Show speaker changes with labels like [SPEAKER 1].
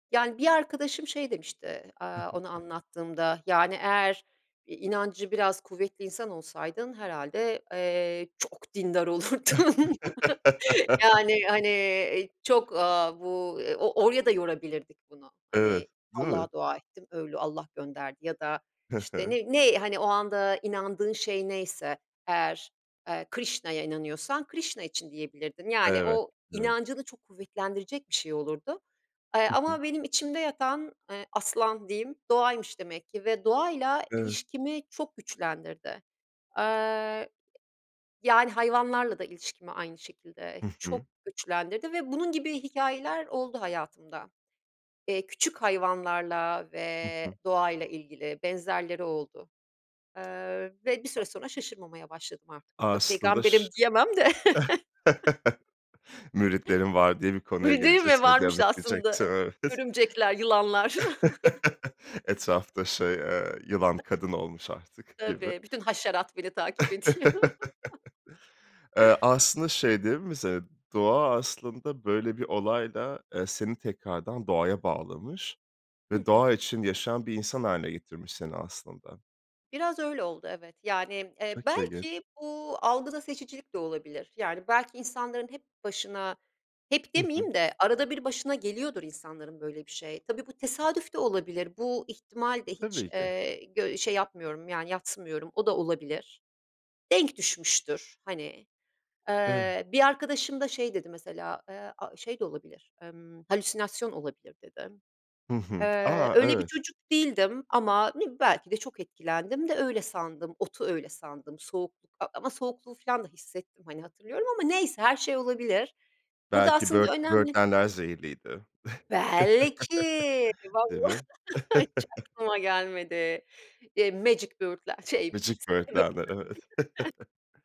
[SPEAKER 1] Yani, bir arkadaşım şey demişti, eee,
[SPEAKER 2] Hı hı.
[SPEAKER 1] onu anlattığımda, yani, "Eğer i inancı biraz kuvvetli insan olsaydın herhâlde, eee, çok dindar olurdun." yani, hani, eee, çok, eee, bu o oraya da yorabilirdik bunu, hani,
[SPEAKER 2] Evet. Değil mi?
[SPEAKER 1] Allah'a dua ettim, öyle Allah gönderdi ya da,
[SPEAKER 2] Hı
[SPEAKER 1] işte,
[SPEAKER 2] hı.
[SPEAKER 1] ne ne, hani, o anda inandığın şey neyse eğer, eee, Krishna'ya inanıyorsan Krishna için diyebilirdin. Yani,
[SPEAKER 2] Evet.
[SPEAKER 1] o
[SPEAKER 2] Evet.
[SPEAKER 1] inancını çok kuvvetlendirecek bir şey olurdu, eee,
[SPEAKER 2] Hı hı.
[SPEAKER 1] ama benim içimde yatan, ııı, aslan diyeyim, doğaymış demek ki ve doğayla
[SPEAKER 2] Evet.
[SPEAKER 1] ilişkimi çok güçlendirdi. Eee, yani, hayvanlarla da ilişkimi aynı şekilde
[SPEAKER 2] Hı
[SPEAKER 1] çok
[SPEAKER 2] hı.
[SPEAKER 1] güçlendirdi ve bunun gibi hikâyeler oldu hayatımda. Eee, küçük hayvanlarla
[SPEAKER 2] Hı
[SPEAKER 1] ve
[SPEAKER 2] hı.
[SPEAKER 1] doğayla ilgili benzerleri oldu, eee, ve bir
[SPEAKER 2] A
[SPEAKER 1] süre sonra şaşırmamaya başladım artık. E, tabii
[SPEAKER 2] Aslında ş
[SPEAKER 1] peygamberim diyemem de.
[SPEAKER 2] Müritlerim var, diye bir konuya
[SPEAKER 1] Bi değil mi?
[SPEAKER 2] geleceğiz,
[SPEAKER 1] Varmış
[SPEAKER 2] [unintelligible] diyecektim,
[SPEAKER 1] aslında
[SPEAKER 2] evet.
[SPEAKER 1] örümcekler, yılanlar.
[SPEAKER 2] Etrafta şey, ııı, yılan kadın olmuş artık gibi.
[SPEAKER 1] Tabii, bütün haşerat beni takip ediyor.
[SPEAKER 2] Eee, aslında şey değil mi ze doğa aslında böyle bir olayla, ııı, seni tekrardan doğaya bağlamış
[SPEAKER 1] Hı
[SPEAKER 2] ve
[SPEAKER 1] hı.
[SPEAKER 2] doğa için yaşayan bir insan hâline getirmiş seni, aslında.
[SPEAKER 1] Biraz öyle oldu evet, yani, eee,
[SPEAKER 2] Çok ilginç.
[SPEAKER 1] belki bu algıda seçicilik de olabilir, yani, belki insanların hep başına Hep
[SPEAKER 2] Hı hı.
[SPEAKER 1] demeyeyim de arada bir başına geliyordur insanların böyle bir şey. Tabii bu tesadüf de olabilir, bu ihtimal de hiç,
[SPEAKER 2] Tabii ki.
[SPEAKER 1] ııı, gö şey yapmıyorum, yani, yadsımıyorum, o da olabilir. Denk düşmüştür, hani.
[SPEAKER 2] Evet.
[SPEAKER 1] Eee, bir arkadaşım da şey dedi, mesela, aaa, ııı, şey de olabilir, ımm, "Halüsinasyon olabilir." dedi.
[SPEAKER 2] Hı hı.
[SPEAKER 1] Eee,
[SPEAKER 2] A,
[SPEAKER 1] öyle bir
[SPEAKER 2] evet.
[SPEAKER 1] çocuk değildim ama ne bi belki de çok etkilendim de öyle sandım, otu öyle sandım. Soğukluk, eee, ama soğukluğu filan da hissettim, hani, hatırlıyorum ama neyse, her şey olabilir. Burada
[SPEAKER 2] Belki
[SPEAKER 1] aslında
[SPEAKER 2] böğürt
[SPEAKER 1] önemli
[SPEAKER 2] böğürtlenler zehirliydi.
[SPEAKER 1] Belki
[SPEAKER 2] Değil
[SPEAKER 1] valla,
[SPEAKER 2] mi?
[SPEAKER 1] hiç aklıma gelmedi. Eee, magic böğürtlen şey [unintelligible]
[SPEAKER 2] Magic böğürtlenler, evet.